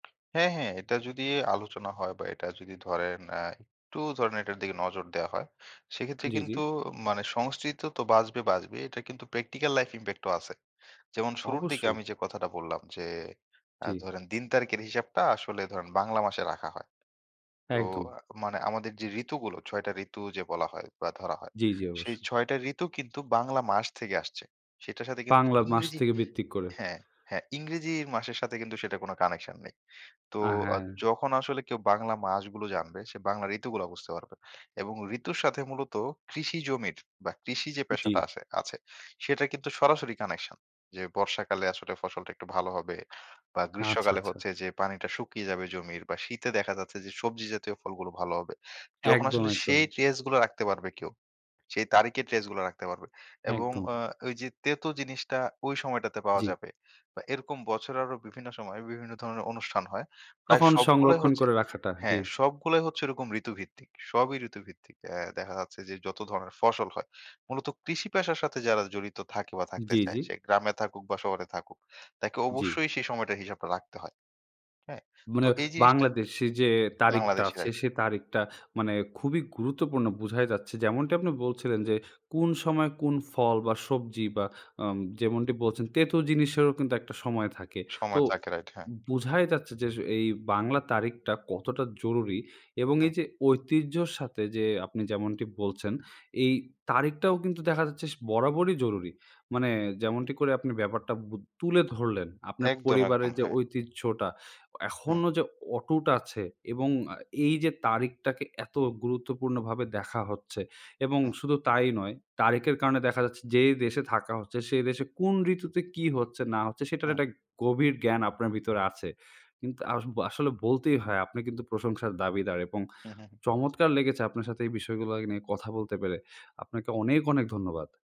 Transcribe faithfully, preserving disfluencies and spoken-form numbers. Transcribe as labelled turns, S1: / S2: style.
S1: হ্যাঁ, হ্যাঁ। এটা যদি আলোচনা হয় বা এটা যদি ধরেন। আ একটু ধরেন এটার দিকে নজর দেওয়া হয়। সেক্ষেত্রে
S2: জ্বি, জ্বি।
S1: কিন্তু মানে সংস্কৃত তো বাঁচবে, বাঁচবে। এটার কিন্তু প্র্যাকটিক্যাল লাইফ ইমপ্যাক্ট ও আছে। যেমন শুরুর দিকে
S2: অবশ্যই!
S1: আমি যে কথাটা বললাম যে, "আ
S2: জি।
S1: ধরেন দিন তারিখের হিসাবটা, আসলে ধরেন বাংলা মাসে রাখা হয়।" তো
S2: একদম।
S1: আ মানে আমাদের যে ঋতুগুলো, ছয় টা ঋতু যে বলা হয় বা ধরা হয়।
S2: জ্বি, জ্বি
S1: সেই
S2: অবশ্যই।
S1: ছয় টা ঋতু কিন্তু বাংলা মাস থেকে আসছে। সেটার সাথে কিন্তু
S2: পাংলা মাস
S1: ইংরেজি
S2: থেকে ভিত্তি করে।
S1: হ্যাঁ, হ্যাঁ। ইংরেজির মাসের সাথে কিন্তু সেটা কোন কানেকশন নেই। তো
S2: আ
S1: আ
S2: হ্যাঁ।
S1: যখন আসলে কেউ বাংলা মাসগুলো জানবে। সে বাংলা ঋতুগুলা বুঝতে পারবে এবং ঋতুর সাথে মূলত কৃষি জমির বা কৃষি যে পেশাটা
S2: জ্বি।
S1: আসে আছে সেটার কিন্তু সরাসরি কানেকশন। যে বর্ষাকালে আসলে ফসলটা একটু ভালো হবে বা
S2: আচ্ছা,
S1: গ্রীষ্মকালে
S2: আচ্ছা।
S1: হচ্ছে যে, পানিটা শুকিয়ে যাবে জমির বা শীতে দেখা যাচ্ছে যে সবজি জাতীয় ফলগুলো ভালো হবে। যখন
S2: একদম,
S1: আসলে
S2: একদম।
S1: সেই ট্রেস গুলা রাখতে পারবে কেউ। সেই তারিখের ট্রেস গুলা রাখতে পারবে এবং
S2: একদম।
S1: আ ওই যে তেতো জিনিসটা ওই সময়টাতে পাওয়া
S2: জ্বি।
S1: যাবে বা এরকম বছের আরো বিভিন্ন সময় বিভিন্ন ধরনের অনুষ্ঠান হয়। প্রায়
S2: তখন
S1: সবগুলাই
S2: সংরক্ষণ
S1: হচ্ছে
S2: করে রাখাটা, জ্বি।
S1: হ্যাঁ। সবগুলাই হচ্ছে এরকম ঋতুভিত্তিক সবই ঋতুভিত্তিক। এ দেখা যাচ্ছে যে যত ধরনের ফসল হয়। মূলত কৃষি পেশার সাথে যারা জড়িত থাকে বা থাকতে
S2: জ্বি,
S1: চায়,
S2: জ্বি?
S1: সে গ্রামে থাকুক বা শহরে থাকুক। তাকে
S2: জ্বি।
S1: অবশ্যই সেই সময়টার হিসাবটা রাখতে হয়, হ্যাঁ?
S2: মনে
S1: তো এই জিনিসটা
S2: বাংলাদেশী যে তারিখটা
S1: বাংলাদেশে
S2: আছে,
S1: হয়।
S2: সে তারিখটা মানে খুবই গুরুত্বপূর্ণ বোঝাই যাচ্ছে। যেমনটা আপনি বলছিলেন যে, "কোন সময় কোন ফল বা সবজি বা আম" যেমনটি বলছেন, "তেঁতো জিনিসেরও কিন্তু একটা সময় থাকে।" তো
S1: সময় থাকে রাইট, হ্যাঁ।
S2: উম বোঝাই যাচ্ছে যে, আস এই বাংলা তারিখটা কতটা জরুরি এবং
S1: হুম।
S2: এই যে ঐতিহ্যর সাথে যে আপনি যেমনটি বলছেন, এই তারিখটাও কিন্তু দেখা যাচ্ছে স বরাবরই জরুরি। মানে যেমনটি করে আপনি ব্যাপারটা বু তুলে ধরলেন। আপনার
S1: একদম, একদম,
S2: পরিবারের যে
S1: হ্যাঁ।
S2: ঐতিহ্যটা।
S1: হুম।
S2: এখনও যে অটুট আছে এবং আ এই যে তারিখটাকে এত গুরুত্বপূর্ণভাবে দেখা হচ্ছে এবং
S1: হুম।
S2: শুধু তাই নয়, তারিখের কারণে দেখা যাচ্ছে, যে দেশে থাকা হচ্ছে, সেই দেশে কোন ঋতুতে কী হচ্ছে না হচ্ছে সেটার
S1: হুম।
S2: একটা গভীর জ্ঞান আপনার ভিতরে আছে। কিন্তু আস আসলে বলতেই হয়, "আপনি কিন্তু প্রশংসার দাবিদার এবং
S1: হু, হু, হুম।
S2: চমৎকার লেগেছে আপনার সাথে এই বিষয়গুলা নিয়ে কথা বলতে পেরে!" আপনাকে অনেক, অনেক ধন্যবাদ।